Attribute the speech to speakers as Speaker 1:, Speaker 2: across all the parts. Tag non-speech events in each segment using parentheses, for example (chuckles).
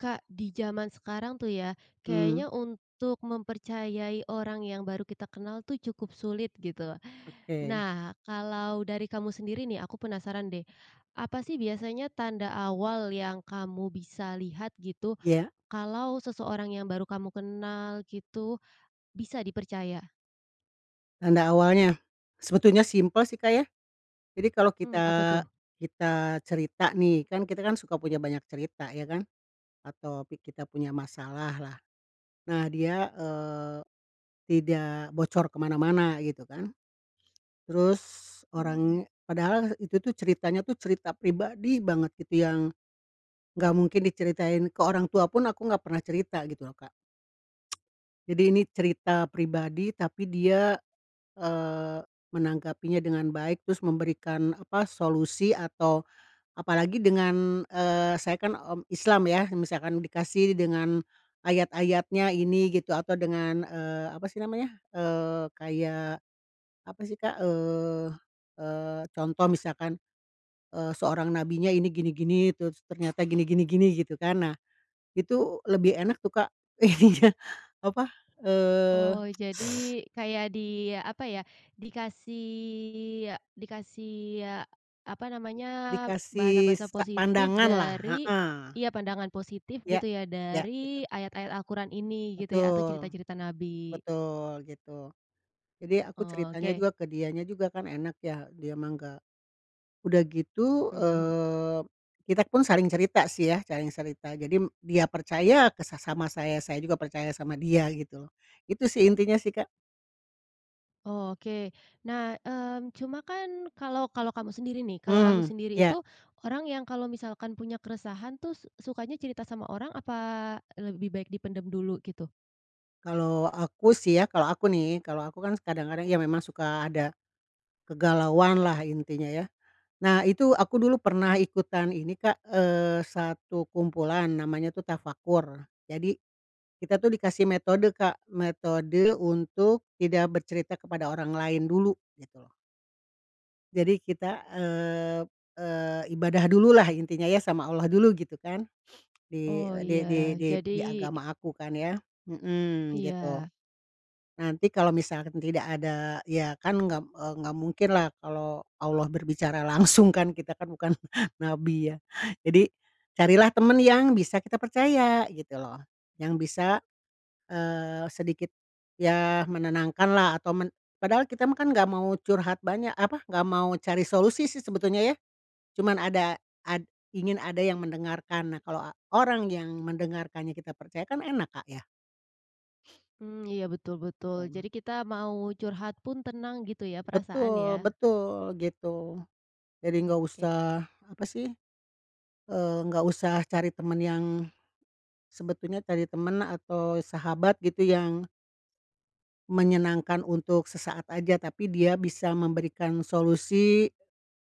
Speaker 1: Kak, di jaman sekarang, tuh, ya,
Speaker 2: Mmm.
Speaker 1: kayaknya untuk mempercayai orang yang baru kita kenal, tuh, cukup sulit gitu.
Speaker 2: Oke.
Speaker 1: Nah, kalau dari kamu sendiri, nih, aku penasaran, deh. Apa, sih biasanya tanda awal yang kamu bisa lihat gitu,
Speaker 2: Iya?
Speaker 1: kalau seseorang yang baru kamu kenal gitu bisa dipercaya?
Speaker 2: Tanda awalnya? Sebetulnya simpel, sih, Kak, ya. Jadi kalau
Speaker 1: Mmm, apa,
Speaker 2: kita
Speaker 1: tuh?
Speaker 2: kita cerita, nih, kan, kita, kan, suka punya banyak cerita, ya, kan, atau pi kita punya masalah lah. Nah, dia, eee, tidak bocor ke mana-mana gitu, kan. Terus
Speaker 1: Mmm.
Speaker 2: orangnya padahal itu, tuh, ceritanya itu cerita pribadi banget gitu yang nggak mungkin diceritain ke orang tua pun aku nggak pernah cerita gitu, loh, Kak. (tsk) Jadi ini cerita pribadi, tapi dia, eee, menanggapinya dengan baik terus memberikan apa, solusi atau apalagi dengan eee, saya, kan, mmm, Islam, ya. Misalkan dikasih dengan ayat-ayatnya ini, gitu atau dengan, eee, apa, sih namanya, eee, kayak apa sih, Kak, eee eee, contoh misalkan, eee, seorang nabinya ini, gini-gini, terus ternyata gini gini gini, gitu, kan. Nah, itu lebih enak, tuh, Kak, iya, apa, eee
Speaker 1: Oh, jadi
Speaker 2: (tsk) (sucks teeth)
Speaker 1: kayak di apa, ya, dikasih ya dikasih ya, apa namanya,
Speaker 2: Dikasih
Speaker 1: bahasa-bahasa
Speaker 2: sa
Speaker 1: positif
Speaker 2: pandanganlah,
Speaker 1: dari
Speaker 2: heeh.
Speaker 1: iya, pandangan positif
Speaker 2: Ya,
Speaker 1: gitu, ya,
Speaker 2: ya,
Speaker 1: dari
Speaker 2: betul.
Speaker 1: ayat-ayat Al-Quran ini gitu, ya, atau
Speaker 2: Betul.
Speaker 1: cerita-cerita nabi.
Speaker 2: Betul gitu. Jadi aku ceritanya
Speaker 1: Oke.
Speaker 2: juga ke dianya juga, kan, enak, ya, dia mah nggak udah gitu,
Speaker 1: Mmm, hmm.
Speaker 2: eee, kita pun saling cerita, sih, ya, saling cerita. Jadi dia percaya ke sa sama saya, saya juga percaya sama dia gitu loh. Itu, sih, intinya, sih, Kak.
Speaker 1: Oh, oke. Nah, mmm, cuma kan kalau kalau kamu sendiri nih kalau kamu
Speaker 2: Hmm,
Speaker 1: sendiri
Speaker 2: iya.
Speaker 1: itu orang yang kalau misalkan punya keresahan tuh s sukanya cerita sama orang apa lebih baik dipendem dulu gitu?
Speaker 2: Kalau aku sih ya kalau aku nih, kalau aku kan s kadang-kadang ya memang suka ada kegalauanlah intinya yah. Nah itu aku dulu pernah ikutan ini, Kak, eee, satu kumpulan, namanya tuh Tafakur. Jadi kita tuh dikasih metode, Kak, metode untuk tidak bercerita kepada orang lain dulu, gitu loh. Jadi kita, eee eee, ibadah dululah intinya ya sama Allah dulu gitu kan. (sniffs) Di
Speaker 1: Oh,
Speaker 2: e di di
Speaker 1: ya.
Speaker 2: di di
Speaker 1: Jadi
Speaker 2: agama aku kan yah. Mhm, gitu.
Speaker 1: Iya.
Speaker 2: Nanti kalau misalkan tidak ada ya kan nggak, eee, nggak mungkinlah kalau Allah berbicara langsung kan, kita kan bukan (chuckles) Nabi ya. Jadi carilah temen yang bisa kita percaya gitu loh, yang bisa, eee, sedikit ya menenangkanlah atau men padahal kita mah kan nggak mau curhat banyak, apa, nggak mau cari solusi sih sebetulnya ya. Cuman ada ad ingin ada yang mendengarkan. Nah, kalau a orang yang mendengarkannya kita percaya kan enak, Kak, yah.
Speaker 1: Mmm, iya, betul betul.
Speaker 2: (unintelligible)
Speaker 1: Jadi kita mau curhat pun tenang gitu ya, perasaan
Speaker 2: Betul
Speaker 1: ya.
Speaker 2: betul, gitu. Jadi nggak
Speaker 1: Oke.
Speaker 2: usah apa sih, eee, nggak usah cari temen yang sebetulnya cari teman atau sahabat gitu yang Menyenangkan untuk sesaat aja, tapi dia bisa memberikan solusi.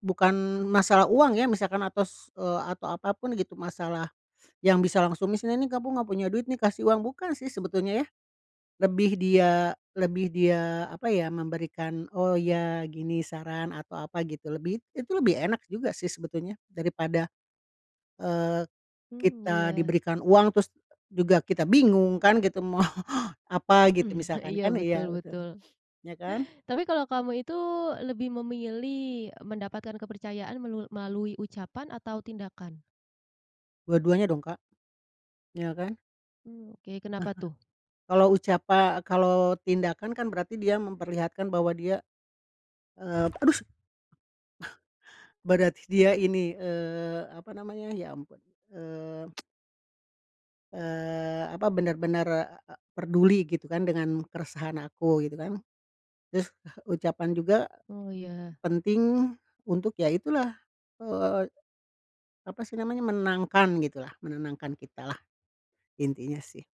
Speaker 2: Bukan masalah uang ya misalkan atau s eee, atau apapun gitu. Masalah yang bisa langsung nih, sini nih kamu enggak punya duit nih kasih uang, bukan sih sebetulnya yah. Lebih dia, lebih dia, apa ya, memberikan, oh ya gini saran, atau apa gitu. Lebih, it itu lebih enak juga sih sebetulnya. Daripada, eee,
Speaker 1: Hmm,
Speaker 2: kita
Speaker 1: iya.
Speaker 2: diberikan uang terus juga kita bingung kan gitu, mau apa gitu
Speaker 1: (clears throat)
Speaker 2: misalkan,
Speaker 1: Iya,
Speaker 2: kan.
Speaker 1: betul
Speaker 2: Iya betul.
Speaker 1: betul.
Speaker 2: Ya kan?
Speaker 1: Tapi, kalau kamu itu lebih memilih, e mendapatkan kepercayaan melu melalui ucapan atau tindakan?
Speaker 2: Dua-duanya dong, Kak. Ya kan?
Speaker 1: Hmm, oke.
Speaker 2: Heeh.
Speaker 1: Kenapa tuh?
Speaker 2: Kalau ucapa kalau tindakan kan berarti dia memperlihatkan bahwa dia, eee, aduh s (chuckles) berarti dia ini, eee, apa namanya, ya ampun, eee (tsk) eee, apa, bener-bener e e perduli gitu kan, dengan keresahan aku, gitu kan. Terus (chuckles) ucapan juga
Speaker 1: Oh, ya.
Speaker 2: penting untuk ya itulah, eee, apa sih namanya, menangkan gitu lah, menenangkan kita lah. Intinya sih,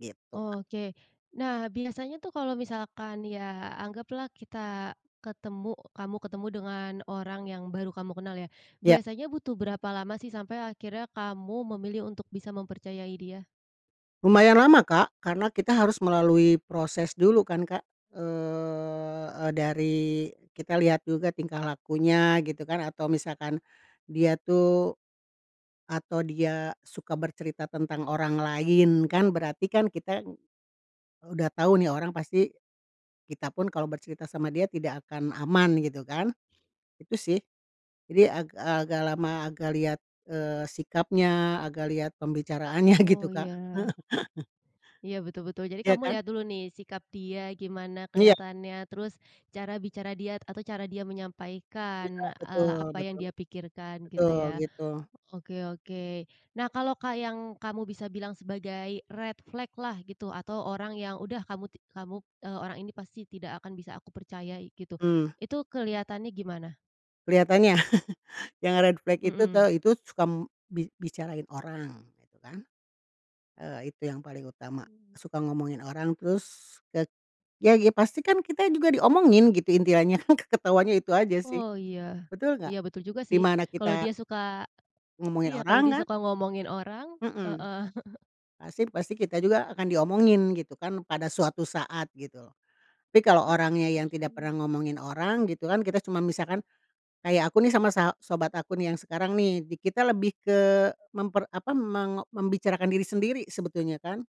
Speaker 2: gitu, Kak.
Speaker 1: Oke. Nah biasanya tuh kalau misalkan ya anggaplah kita ketemu kamu ketemu dengan orang yang baru kamu kenal ya,
Speaker 2: Ya.
Speaker 1: biasanya butuh berapa lama sih sampai akhirnya kamu memilih untuk bisa mempercayai dia?
Speaker 2: Lumayan lama, Kak, karena kita harus melalui proses dulu kan Kak, eee eee, dari kita lihat juga tingkah lakunya gitu kan, atau misalkan dia tuh atau dia suka bercerita tentang orang lain kan, berarti kan kita udah tahu nih orang pasti kita pun kalau bercerita sama dia tidak akan aman gitu kan, itu sih. Jadi ag agak lama agak liat, eee, sikapnya, agak liat pembicaraannya gitu,
Speaker 1: Oh, iya.
Speaker 2: Kak. (chuckles)
Speaker 1: Iya, betul-betul. Jadi
Speaker 2: Ya
Speaker 1: kamu
Speaker 2: kan?
Speaker 1: lihat dulu nih sikap dia gimana
Speaker 2: Iya.
Speaker 1: kelihatannya, terus cara bicara dia atau cara dia
Speaker 2: Iya
Speaker 1: menyampaikan, eee,
Speaker 2: betul
Speaker 1: apa yang
Speaker 2: betul.
Speaker 1: dia pikirkan gitu
Speaker 2: Betul
Speaker 1: ya.
Speaker 2: gitu.
Speaker 1: Oke oke. Nah, kalau ka yang kamu bisa bilang sebagai red flag-lah gitu, atau orang yang, udah, kamu ti kamu eee, "Orang ini pasti tidak akan bisa aku percayai," gitu.
Speaker 2: Mmm.
Speaker 1: Itu kelihatannya gimana?
Speaker 2: Kelihatannya? (chuckles) yang red flag itu
Speaker 1: Mhm.
Speaker 2: tau itu suka m bi bicarain orang gitu kan. Eee, itu yang paling utama,
Speaker 1: Hmm.
Speaker 2: suka ngomongin orang, terus ke ya ya pasti kan kita juga diomongin, gitu intiannya, (chuckles) ketahuannya itu aja sih.
Speaker 1: Oh iya,
Speaker 2: Betul
Speaker 1: iya
Speaker 2: nggak?
Speaker 1: betul juga
Speaker 2: Di
Speaker 1: sih.
Speaker 2: mana
Speaker 1: Kalau
Speaker 2: kita
Speaker 1: dia suka
Speaker 2: Ngomongin
Speaker 1: iya kalau
Speaker 2: orang
Speaker 1: dia
Speaker 2: kan.
Speaker 1: suka ngomongin orang,
Speaker 2: Mhm.
Speaker 1: heeh. (chuckles)
Speaker 2: Pasti pasti kita juga akan diomongin gitu kan pada suatu saat, gitu loh. Tapi kalau orangnya yang tidak
Speaker 1: (unintelligible)
Speaker 2: pernah ngomongin orang gitu kan, kita cuman misalkan kayak aku nih sama sa sobat aku nih yang sekarang nih, di kita lebih ke memper apa, meng membicarakan diri sendiri sebetulnya kan,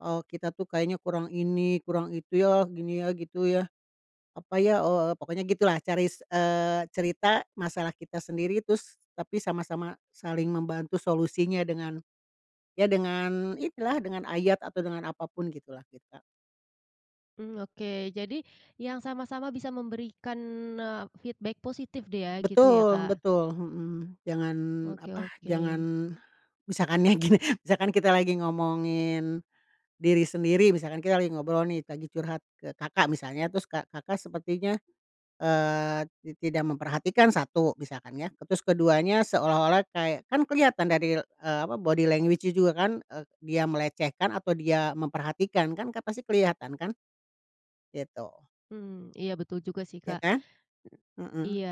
Speaker 2: “Oh kita tuh kayaknya kurang ini, kurang itu, ya gini, ya gitu ya, apa ya, oh,” eee, pokoknya gitu lah. Cari, s eee, cerita masalah kita sendiri terus tapi sama-sama saling membantu solusinya dengan ya dengan inilah, dengan ayat atau dengan apa pun gitu lah kita.
Speaker 1: Mmm, oke. Jadi yang sama-sama bisa memberikan, eee, feedback positif deh ya, gitu ya,
Speaker 2: Betul
Speaker 1: Kak?
Speaker 2: betul. Mhm. Jangan
Speaker 1: Oke
Speaker 2: apa,
Speaker 1: oke.
Speaker 2: jangan misalkan ya gini, misalkan kita lagi ngomongin diri sendiri. Misalkan kita lagi ngobrol nih, lagi curhat ke Kakak misalnya, terus Kakak sepertinya, eee, ti tidak memperhatikan, 1, misalkan ya, terus ke-2-nya seolah-olah kayak, kan keliatan dari, eee, apa body language-nya juga kan, dia melecehkan atau dia memperhatikan kan, kan pasti kelihatan kan, gitu.
Speaker 1: Mmm, iya betul juga sih,
Speaker 2: Ya
Speaker 1: Kak.
Speaker 2: kan? Heeh.
Speaker 1: Iya.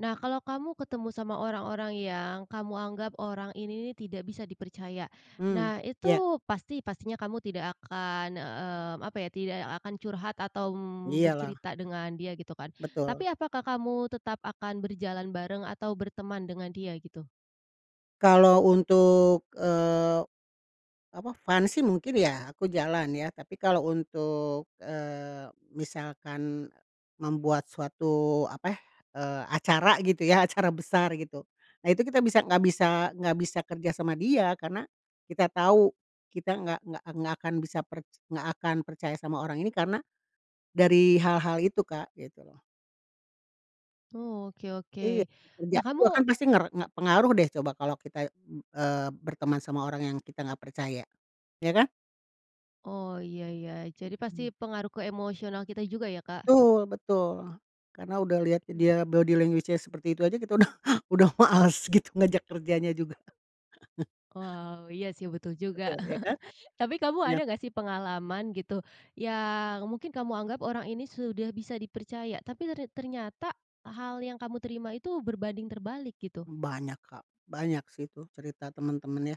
Speaker 1: Nah, kalau kamu ketemu sama orang-orang yang kamu anggap orang ini nih tidak bisa dipercaya.
Speaker 2: Hmm,
Speaker 1: Nah, itu
Speaker 2: ya.
Speaker 1: pasti pastinya kamu tidak akan, mmm, apa ya, tidak akan curhat atau m
Speaker 2: Iya lah.
Speaker 1: bercerita dengan dia gitu kan. Tapi
Speaker 2: Betul.
Speaker 1: apakah kamu tetap akan berjalan bareng atau berteman dengan dia gitu?
Speaker 2: Kalau untuk, eee, apa, fun sih mungkin ya aku jalan ya. Tapi kalau untuk, eee, misalkan membuat suatu apa, eee, acara gitu ya, acara besar gitu. Nah itu kita bisa nggak bisa nggak bisa kerja sama dia karena kita tahu kita nggak nggak nggak akan bisa per nggak akan percaya sama orang ini karena dari hal-hal itu, Kak, gitu loh.
Speaker 1: Oh oke
Speaker 2: Iya,
Speaker 1: oke, nah
Speaker 2: kerjaku kan
Speaker 1: kamu
Speaker 2: pasti nger nggak pengaruh deh coba kalau kita, mmm, eee, berteman sama orang yang kita nggak percaya, ya kan?
Speaker 1: Oh, iya iya jadi pasti
Speaker 2: Mhm.
Speaker 1: pengaruh ke emosional kita juga ya, Kak.
Speaker 2: Betul betul, karena udah liat
Speaker 1: Oke.
Speaker 2: dia body language-nya seperti itu aja kita udah (chuckles) udah males gitu ngajak kerjanya juga. (chuckles)
Speaker 1: Wow, iya sih betul juga,
Speaker 2: Betul ya kan?
Speaker 1: (chuckles) tapi kamu
Speaker 2: Iya.
Speaker 1: ada nggak sih pengalaman gitu, yang mungkin kamu anggap orang ini sudah bisa dipercaya tapi ter ternyata, hal yang kamu terima itu berbanding terbalik gitu?
Speaker 2: Banyak Kak, banyak sih tuh cerita temen-temen ya,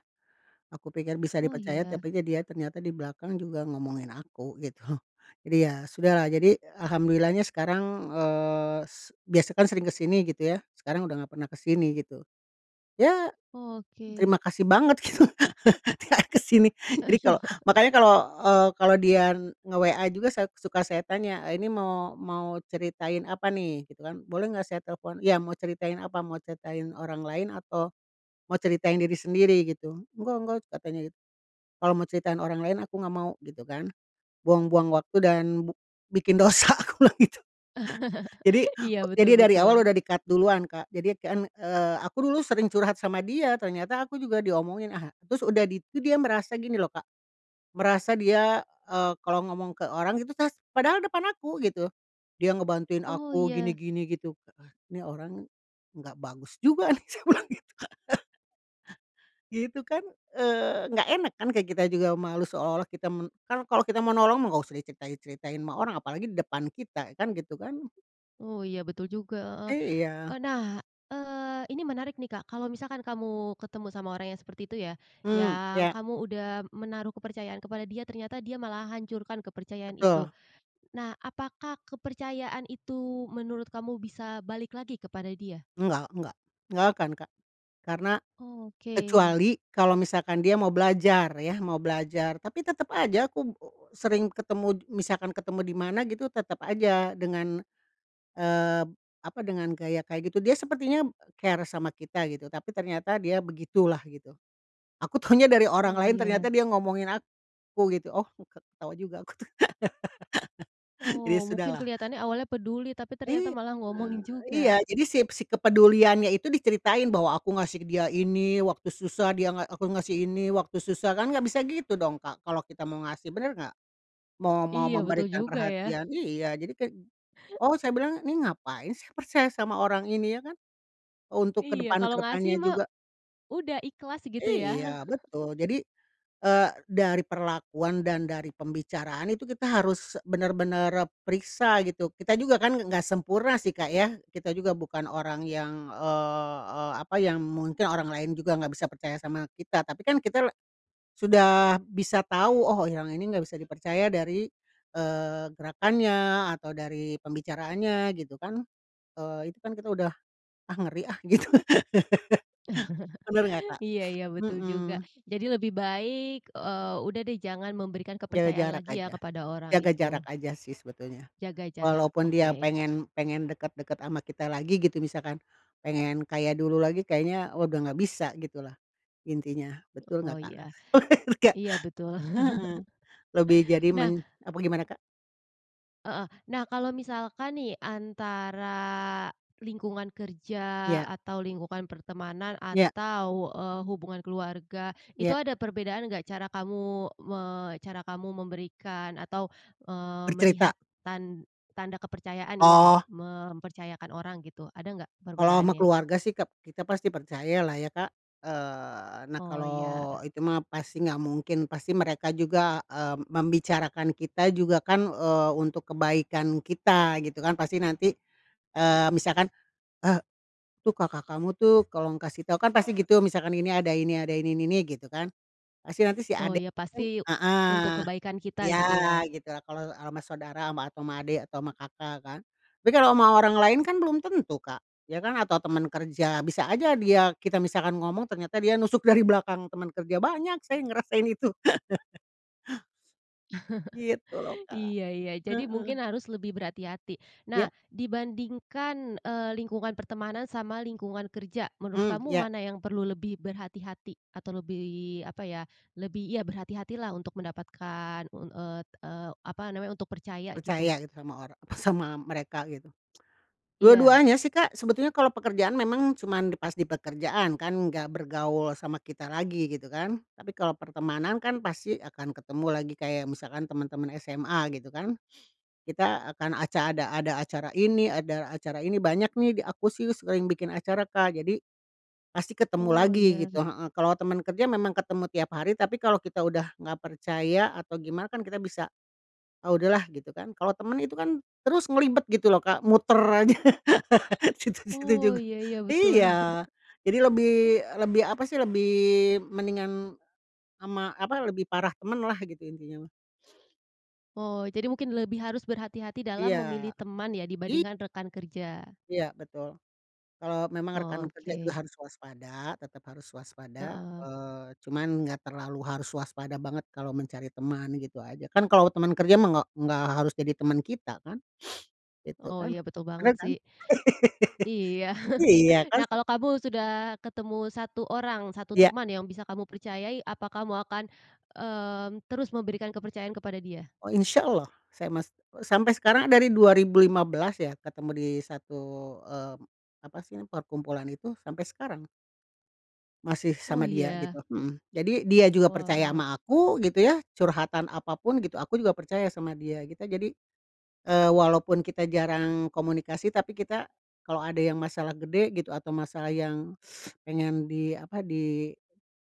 Speaker 2: aku pikir bisa
Speaker 1: Oh
Speaker 2: dipercaya
Speaker 1: ya.
Speaker 2: tapinya dia ternyata di belakang juga ngomongin aku gitu, jadi ya sudahlah jadi alhamdulillahnya sekarang, eee, s biasa kan sering ke sini gitu ya sekarang udah nggak pernah ke sini gitu, ya,
Speaker 1: Oke.
Speaker 2: terima kasih banget gitu gak ke sini jadi kalo
Speaker 1: (chuckles)
Speaker 2: makanya kalo, eee, kalo dia nge-WA juga saya suka saya tanya, eee, "Ini mau mau ceritain apa nih?" Gitu kan, "Boleh nggak saya telepon?" "Ya mau ceritain apa? Mau ceritain orang lain atau, mau ceritain diri sendiri?" Gitu, "Enggak enggak," katanya git "Kalau mau ceritain orang lain aku nggak mau." Gitu kan, buang-buang waktu dan bu bikin dosa, aku bilang gitu. Jadi
Speaker 1: (laughs) Iya, betul
Speaker 2: jadi dari awal udah
Speaker 1: betul.
Speaker 2: di-cut duluan Kak. Jadi kan, eee, aku dulu sering curhat sama dia ternyata aku juga diomongin, ah, terus udah di itu dia merasa gini loh Kak, merasa dia, eee, kalau ngomong ke orang gitu tas padahal depan aku gitu, dia ngebantuin
Speaker 1: Oh,
Speaker 2: aku
Speaker 1: iya.
Speaker 2: gini-gini gitu, ah, nih orang, nggak bagus juga nih saya bilang gitu, Kak. (laughs) Gitu kan, eee, nggak enak kan kayak kita juga malu seolah-olah kita men kan kalau kita mau nolong mah enggak usah diceritai-ceritain ama orang apalagi di depan kita, kan gitu kan.
Speaker 1: Oh, iya betul juga, heeh, eee,
Speaker 2: Iya.
Speaker 1: nah, eee, ini menarik nih Kak kalau misalkan kamu ketemu sama orang yang seperti itu ya,
Speaker 2: Mmm,
Speaker 1: yang
Speaker 2: iya.
Speaker 1: kamu udah menaruh kepercayaan kepada dia ternyata dia malah hancurkan kepercayaan itu,
Speaker 2: Betul.
Speaker 1: nah apakah kepercayaan itu menurut kamu bisa balik lagi kepada dia?
Speaker 2: Enggak enggak, enggak akan Kak, karena,
Speaker 1: Oke.
Speaker 2: kecuali kalau misalkan dia mau belajar ya mau belajar, tapi tetep aja aku sering ketemu misalkan ketemu di mana gitu tetep aja dengan, eee, apa, dengan gaya kayak gitu, dia sepertinya, care sama kita gitu tapi ternyata dia begitulah gitu, aku taunya dari orang
Speaker 1: Oh,
Speaker 2: lain
Speaker 1: ya.
Speaker 2: ternyata dia ngomongin aku gitu. Oh, ke ketawa juga aku tuh. (laughs) Jadi
Speaker 1: Oh, mungkin
Speaker 2: sudahlah.
Speaker 1: kelihatannya awalnya peduli tapi ternyata
Speaker 2: Iya,
Speaker 1: malah ngomongin
Speaker 2: iya,
Speaker 1: juga.
Speaker 2: jadi si si kepeduliannya itu diceritain bahwa aku ngasih dia ini, waktu susah dia nga aku ngasih ini waktu susah, kan nggak bisa gitu dong, Kak, kalau kita mau ngasih, bener nggak? Mau mau
Speaker 1: Iya, betul
Speaker 2: memberikan
Speaker 1: juga ya.
Speaker 2: perhatian, iya, jadi kayak, oh saya bilang, "Ini ngapain saya percaya sama orang ini?" Ya kan? Untuk ke
Speaker 1: Iya,
Speaker 2: depan ke
Speaker 1: kalau ngasih
Speaker 2: depannya
Speaker 1: mah,
Speaker 2: juga.
Speaker 1: udah ikhlas gitu ya.
Speaker 2: Iya
Speaker 1: (chuckles)
Speaker 2: betul jadi, eee, dari perlakuan dan dari pembicaraan itu kita harus bener-bener periksa gitu, kita juga kan nggak sempurna sih Kak ya, kita juga bukan orang yang, eee eee, apa, yang mungkin orang lain juga nggak bisa percaya sama kita, tapi kan kita la sudah bisa tahu oh yang ini nggak bisa dipercaya dari, eee, gerakannya atau dari pembicaraannya gitu kan, eee, itu kan kita udah, "Ah, ngeri ah," gitu. (laughs) Bener nggak,
Speaker 1: (chuckles)
Speaker 2: Kak?
Speaker 1: Iya iya, betul juga,
Speaker 2: Mhm.
Speaker 1: jadi lebih baik, eee, udah deh jangan memberikan
Speaker 2: Jaga
Speaker 1: kepercayaan
Speaker 2: jarak
Speaker 1: lagi ya
Speaker 2: aja
Speaker 1: kepada orang
Speaker 2: jaga
Speaker 1: itu.
Speaker 2: jarak aja sih sebetulnya,
Speaker 1: Jaga jarak,
Speaker 2: walaupun dia
Speaker 1: oke.
Speaker 2: pengen pengen deket-deket ama kita lagi gitu misalkan, pengen kayak dulu lagi kayaknya, wah, udah nggak bisa gitu lah, intinya, betul
Speaker 1: Oh
Speaker 2: nggak, Kak?
Speaker 1: iya,
Speaker 2: Bener nggak?
Speaker 1: iya betul.
Speaker 2: Heeh,
Speaker 1: (chuckles)
Speaker 2: lebih jadi
Speaker 1: Nah.
Speaker 2: men apa, gimana, Kak?
Speaker 1: Heeh. Nah, kalau misalkan nih antara lingkungan kerja
Speaker 2: Ya.
Speaker 1: atau lingkungan pertemanan
Speaker 2: Ya.
Speaker 1: atau, eee, hubungan keluarga itu
Speaker 2: Ya.
Speaker 1: ada perbedaan nggak cara kamu me cara kamu memberikan atau, eee,
Speaker 2: Bercerita.
Speaker 1: melihat tan tanda kepercayaan ya,
Speaker 2: Oh.
Speaker 1: mempercayakan orang gitu, ada nggak
Speaker 2: Kalau ama
Speaker 1: perbedaannya?
Speaker 2: keluarga sih kep kita pasti percaya lah ya, Kak. Eee, nah
Speaker 1: Oh,
Speaker 2: kalau
Speaker 1: iya.
Speaker 2: itu mah pasti nggak mungkin, pasti mereka juga, eee, membicarakan kita juga kan, eee, untuk kebaikan kita gitu kan pasti nanti, eee, misalkan, eee, "Tuh kakak kamu tuh tolong kasih tau," kan pasti gitu, misalkan ini ada ini ada ini ini ini gitu kan, pasti nanti si
Speaker 1: Oh,
Speaker 2: adek
Speaker 1: ya
Speaker 2: kan
Speaker 1: pasti untuk
Speaker 2: heeh
Speaker 1: kebaikan kita
Speaker 2: ya
Speaker 1: gitu ya.
Speaker 2: gitu lah, kalau sama saudara sama atau sama adik atau sama kakak kan. Tapi kalau sama orang lain kan belum tentu Kak, ya kan atau temen kerja, bisa aja dia kita misalkan ngomong ternyata dia nusuk dari belakang teman kerja, banyak saya yang ngerasain itu. (chuckles) Gitu loh,
Speaker 1: (chuckles)
Speaker 2: Kak,
Speaker 1: Iya iya, jadi
Speaker 2: heeh.
Speaker 1: mungkin harus lebih berhati-hati.
Speaker 2: Ya
Speaker 1: Nah, dibandingkan, eee, lingkungan pertemanan sama lingkungan kerja, menurut
Speaker 2: Mmm,
Speaker 1: kamu
Speaker 2: ya.
Speaker 1: mana yang perlu lebih berhati-hati atau lebih apa ya, lebih, ya berhati-hatilah untuk mendapatkan, un eee eee, apa namanya, untuk percaya gitu?
Speaker 2: Percaya gitu sama orang sama mereka gitu.
Speaker 1: Iya.
Speaker 2: Dua-duanya sih Kak, sebetulnya kalau pekerjaan memang cuman di pas di pekerjaan kan nggak bergaul sama kita lagi gitu kan. Tapi kalau pertemanan kan pasti akan ketemu lagi, kayak misalkan temen-temen SMA gitu kan, kita akan aca ada ada acara ini ada acara ini, banyak nih di aku sih sering bikin acara Kak, jadi pasti ketemu
Speaker 1: Oh,
Speaker 2: lagi
Speaker 1: iya.
Speaker 2: gitu, heeh. Kalau temen kerja memang ketemu tiap hari, tapi kalau kita udah nggak percaya atau gimana kan kita bisa, ah, udah lah, gitu kan. Kalau temen itu kan terus ngelibet gitu loh Kak, muter aja (laughs) situ-situ
Speaker 1: Oh,
Speaker 2: juga,
Speaker 1: iya iya betul.
Speaker 2: iya.
Speaker 1: (chuckles)
Speaker 2: Jadi lebih lebih apa sih, lebih mendingan ama apa lebih parah temen lah gitu intinya mah.
Speaker 1: Oh. Jadi mungkin lebih harus berhati-hati dalam
Speaker 2: Iya.
Speaker 1: memilih teman ya
Speaker 2: I
Speaker 1: dibandingkan rekan kerja.
Speaker 2: iya betul. Kalo memang rekan
Speaker 1: Oh,
Speaker 2: kerja juga
Speaker 1: oke.
Speaker 2: harus waspada, tetep harus waspada,
Speaker 1: Heeh.
Speaker 2: eee, cuman nggak terlalu harus waspada banget kalo mencari teman gitu aja. Kan kalo teman kerja mah nggak nggak harus jadi teman kita kan? (sniffs) Gitu
Speaker 1: Oh
Speaker 2: kan?
Speaker 1: iya, betul banget
Speaker 2: Bener kan?
Speaker 1: sih.
Speaker 2: (laughs)
Speaker 1: Iya.
Speaker 2: Iya
Speaker 1: (chuckles)
Speaker 2: kan
Speaker 1: Nah,
Speaker 2: se
Speaker 1: kalo kamu sudah ketemu 1 orang, 1
Speaker 2: Ya.
Speaker 1: teman yang bisa kamu percayai, apa kamu akan, mmm, terus memberikan kepercayaan kepada dia?
Speaker 2: Oh, insyaallah, saya mas sampe sekarang dari 2015 ya ketemu di satu, eee, apa sih perkumpulan itu sampe sekarang. Masih
Speaker 1: Oh,
Speaker 2: sama dia
Speaker 1: iya?
Speaker 2: gitu, mhm. Jadi dia juga percaya
Speaker 1: Wow.
Speaker 2: sama aku gitu ya, curhatan apapun gitu. Aku juga percaya sama dia kita jadi, eee, walaupun kita jarang komunikasi, tapi kita kalo ada yang masalah gede gitu atau masalah yang (sucks teeth) pengen di apa, di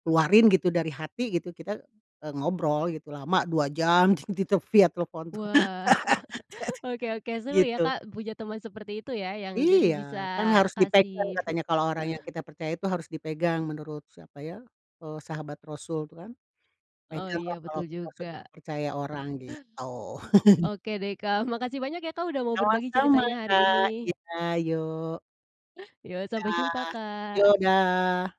Speaker 2: keluarin gitu dari hati gitu. Kita, eee, ngobrol gitu lama 2 jam dit ditel via telepon tuh.
Speaker 1: Wah. (chuckles)
Speaker 2: (laughs)
Speaker 1: Oke oke. Seru ya
Speaker 2: Gitu.
Speaker 1: Kak punya temen seperti itu ya yang jadi
Speaker 2: Iya,
Speaker 1: bisa
Speaker 2: kan harus dipegang
Speaker 1: kasih fi
Speaker 2: katanya. Kalo orang yang kita percaya itu harus dipegang menurut siapa ya, eee, sahabat Rasul itu kan?
Speaker 1: Oh. Iya,
Speaker 2: "Peganglah kalau
Speaker 1: betul
Speaker 2: kita sudah
Speaker 1: juga.
Speaker 2: mempercaya orang," gitu. (chuckles)
Speaker 1: Oke deh, Kak. Makasih banyak ya Kak udah mau berbagi
Speaker 2: Sama-sama,
Speaker 1: ceritanya hari
Speaker 2: Kak.
Speaker 1: ini.
Speaker 2: Iya, yok.
Speaker 1: Yok. Sampai jumpa,
Speaker 2: Dah.
Speaker 1: Kak.
Speaker 2: Yok, dah.